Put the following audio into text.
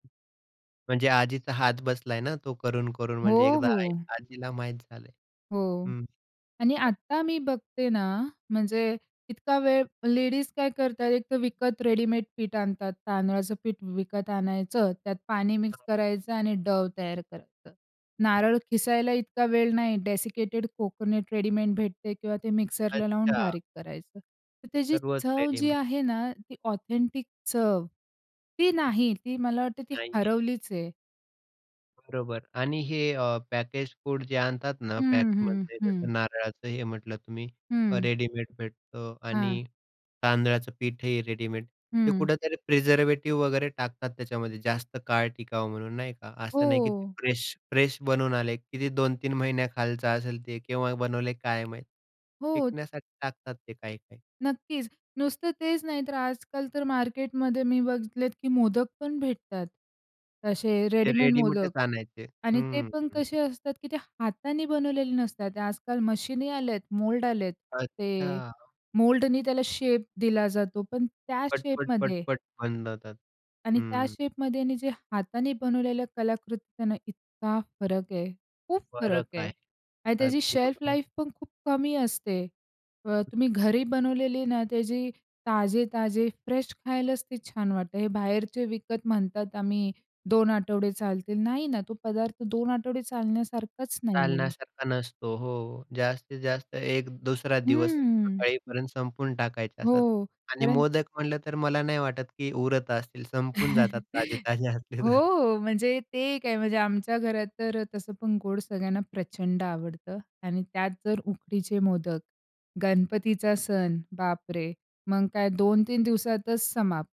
म्हणजे आजीचा हात बसलाय ना तो करून-करून म्हणजे हो, एकदा आई, हो. आजीला माहीत झालंय हो हं, आणि [unintelligible] आता मी बघते ना म्हणजे इतका वेळ लेडीज काय करतात एक तर विकत रेडीमेड पीठ आणतात. तांदळाचं पीठ विकत आणायचं, त्यात पाणी मिक्स हां. करायचं आणि डव तयार करायचं, नारळ किसायला इतका वेळ नाही डेसिकेटेड कोकोनट रेडीमेड भेटते किंवा ते मिक्सरला लावून अच्छा. बारीक करायचं. तर त्याची सर्वच चव जी रेडीमेड. आहे ना ती ऑथेंटिक चव ती नाही ती. मला वाटतं ती नाही आहे. हरवलीचं आहे. बरोबर आणि हे अ, पॅकेज फूड जे आणतात ना हं, हं, पॅकमधले. हं. जसं नारळाचं हे म्हटलं तुम्ही हं. रेडीमेड भेटतं हां. आणि तांदळाचं पीठही रेडीमेड. ते हं. कुठेतरी प्रिझर्व्हेटिव्ह वगैरे टाकतात त्याच्यामध्ये जास्त काळ टिकावं म्हणून नाही का. असं नाही की ते हो. फ्रेश-फ्रेश बनवून आले. किती 2-3 महिन्यांखालचं असेल ते, केव्हा बनवलंय काय माहित. हो. टिकण्यासाठी टाकतात ते काही-काही. नक्कीच, नुसतं तेच नाही तर आजकाल तर मार्केटमध्ये मी बघितलेत की मोदक पण भेटतात तसे ते रेडीमेड मोदक रेडीमेडचं आणायचे. आणि ते हं, पण हं, हं. कसे असतात की ते हाताने बनवलेले नसतात. आजकाल मशिनही आल्यात मोल्ड आलेत, ते अच्छा. मोल्डनी त्याला शेप दिला जातो पण त्या पट-पट, शेपमध्ये पट-पट बंद होतात आणि हं, त्या हं. शेपमध्ये आणि जे हाताने बनवलेल्या कलाकृती त्यांना इतका फरक आहे. खूप फरक फरक आहे आहे. आणि त्याची अगदी शेल्फ बरोबर. लाईफ पण खूप कमी असते. अ, तुम्ही घरी बनवलेली ना त्याची ताजे-ताजे फ्रेश खायलाचं ते छान वाटते. हे बाहेरचे विकत म्हणतात आम्ही 2 आठवडे चालतील नाही ना तो पदार्थ 2 आठवडे चालण्यासारखाचं नाही आहे. चालण्यासारखा नसतो. हो, हो जास्तीत जास्त एक दुसरा हं, दिवस हं. सकाळीपर्यंत संपवून टाकायचे असतात हो, आणि कारण मोदक म्हटलं तर मला नाही वाटत की उरत असतील संपून जातात हो, ताजे-ताजे असले तर. हो म्हणजे ते काय म्हणजे आमच्या घरात तर अ, तसं पण गोड सगळ्यांना प्रचंड आवडतं आणि त्यात जर उकडीचे मोदक गणपतीचा सण बापरे! मग काय 2-3 दिवसातच समाप्त.